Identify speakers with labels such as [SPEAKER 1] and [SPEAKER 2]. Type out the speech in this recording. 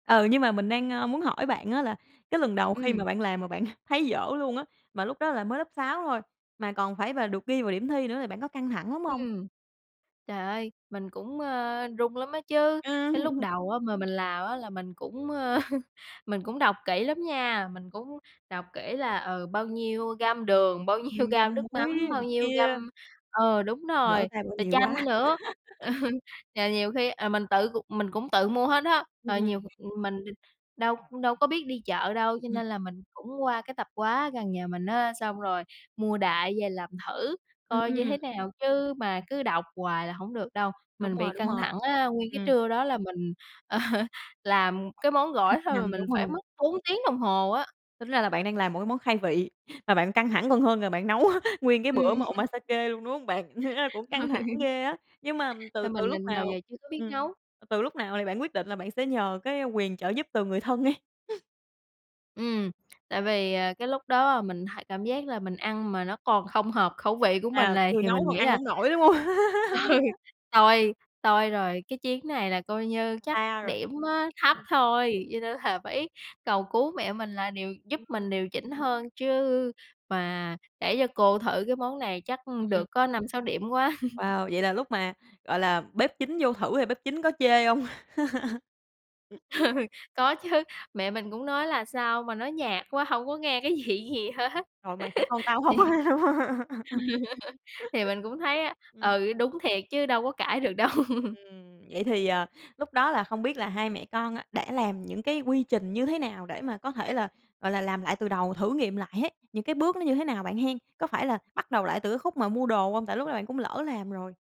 [SPEAKER 1] Ừ, nhưng mà mình đang, ơ, muốn hỏi bạn á là cái lần đầu khi mà
[SPEAKER 2] Ừm.
[SPEAKER 1] bạn làm mà bạn thấy dở luôn á. Mà lúc đó là mới lớp 6 thôi, mà còn phải và được ghi vào điểm thi nữa là bạn có căng thẳng lắm hông?
[SPEAKER 2] Ừm, trời ơi, mình cũng, ơ, run lắm á chứ, cái lúc
[SPEAKER 1] Ừ.
[SPEAKER 2] đầu á mà mình làm á là mình cũng, ơ, mình cũng đọc kỹ lắm nha. Mình cũng đọc kỹ là, ừ, bao nhiêu gam đường, bao nhiêu
[SPEAKER 1] Ừm,
[SPEAKER 2] gam
[SPEAKER 1] gam
[SPEAKER 2] nước mắm,
[SPEAKER 1] muối
[SPEAKER 2] bao
[SPEAKER 1] này
[SPEAKER 2] nhiêu gam
[SPEAKER 1] kia.
[SPEAKER 2] ừ, đúng
[SPEAKER 1] Lỡ
[SPEAKER 2] rồi,
[SPEAKER 1] tay bỏ
[SPEAKER 2] rồi
[SPEAKER 1] nhiều
[SPEAKER 2] chanh
[SPEAKER 1] quá.
[SPEAKER 2] nữa. Trời, nhiều khi, ờ, mình tự c mình cũng tự mua hết á.
[SPEAKER 1] Ừm,
[SPEAKER 2] Rồi nhiều
[SPEAKER 1] ừm.
[SPEAKER 2] mình đâu đâu có biết đi chợ đâu,
[SPEAKER 1] Ừm,
[SPEAKER 2] cho
[SPEAKER 1] ừm.
[SPEAKER 2] nên là mình cũng qua cái tập hóa gần nhà mình á, xong rồi mua đại về làm thử
[SPEAKER 1] Ừm,
[SPEAKER 2] coi như
[SPEAKER 1] ừm.
[SPEAKER 2] thế nào chứ mà cứ đọc hoài là hổng được đâu.
[SPEAKER 1] Đúng
[SPEAKER 2] Mình
[SPEAKER 1] rồi,
[SPEAKER 2] bị
[SPEAKER 1] đúng
[SPEAKER 2] căng
[SPEAKER 1] rồi,
[SPEAKER 2] thẳng á, nguyên cái
[SPEAKER 1] ừm.
[SPEAKER 2] trưa đó là mình làm cái món
[SPEAKER 1] Thực
[SPEAKER 2] gỏi thôi mà
[SPEAKER 1] hành,
[SPEAKER 2] mình
[SPEAKER 1] đúng
[SPEAKER 2] phải
[SPEAKER 1] rồi.
[SPEAKER 2] mất 4 tiếng đồng hồ á.
[SPEAKER 1] Tính ra là bạn đang làm một cái món khai vị, mà bạn căng thẳng còn hơn là bạn nấu nguyên cái bữa
[SPEAKER 2] Ừm.
[SPEAKER 1] mà Omasake luôn, đúng không bạn, thiệt ra cũng căng thẳng ghê á. Nhưng mà từ
[SPEAKER 2] Nên
[SPEAKER 1] từ
[SPEAKER 2] mình
[SPEAKER 1] lúc
[SPEAKER 2] mình nào
[SPEAKER 1] nào,
[SPEAKER 2] giờ chưa có biết
[SPEAKER 1] ừm,
[SPEAKER 2] nấu.
[SPEAKER 1] từ lúc nào thì bạn quyết định là bạn sẽ nhờ cái, ơ, quyền trợ giúp từ người thân ấy?
[SPEAKER 2] Ừm, tại vì, à, cái lúc đó mình h cảm giác là mình ăn mà nó còn không hợp khẩu vị của mình
[SPEAKER 1] À,
[SPEAKER 2] này,
[SPEAKER 1] người
[SPEAKER 2] thì
[SPEAKER 1] nấu
[SPEAKER 2] mình
[SPEAKER 1] còn
[SPEAKER 2] nghĩ
[SPEAKER 1] ăn
[SPEAKER 2] là,
[SPEAKER 1] hổng nổi, đúng không?
[SPEAKER 2] ừ, "Toi, toi rồi, cái chuyến này là coi như chắc
[SPEAKER 1] Xa rồi,
[SPEAKER 2] điểm á thấp
[SPEAKER 1] ừm.
[SPEAKER 2] thôi." Cho nên là phải cầu cứu mẹ mình là điều giúp
[SPEAKER 1] Ừm.
[SPEAKER 2] mình điều chỉnh hơn chứ mà để cho cô thử cái món này chắc
[SPEAKER 1] Ừm, ừm.
[SPEAKER 2] được có 5, 6 điểm quá.
[SPEAKER 1] Wow, vậy là lúc mà, gọi là, bếp chính vô thử thì bếp chính có chê hông?
[SPEAKER 2] Có chứ, mẹ mình cũng nói là sao mà nó nhạt quá, hổng có nghe cái vị gì hết.
[SPEAKER 1] Rồi, "mày phải con tao
[SPEAKER 2] Thì
[SPEAKER 1] hông?"
[SPEAKER 2] thì mình cũng thấy á,
[SPEAKER 1] Ừm.
[SPEAKER 2] ừ, đúng thiệt chứ đâu có cãi được đâu.
[SPEAKER 1] Ừm, vậy thì, à, lúc đó là không biết là hai mẹ con á đã làm những cái quy trình như thế nào để mà có thể là, gọi là, làm lại từ đầu, thử nghiệm lại hết, những cái bước nó như thế nào bạn hen? Có phải là bắt đầu lại từ cái khúc mà mua đồ không, tại lúc đó bạn cũng lỡ làm rồi?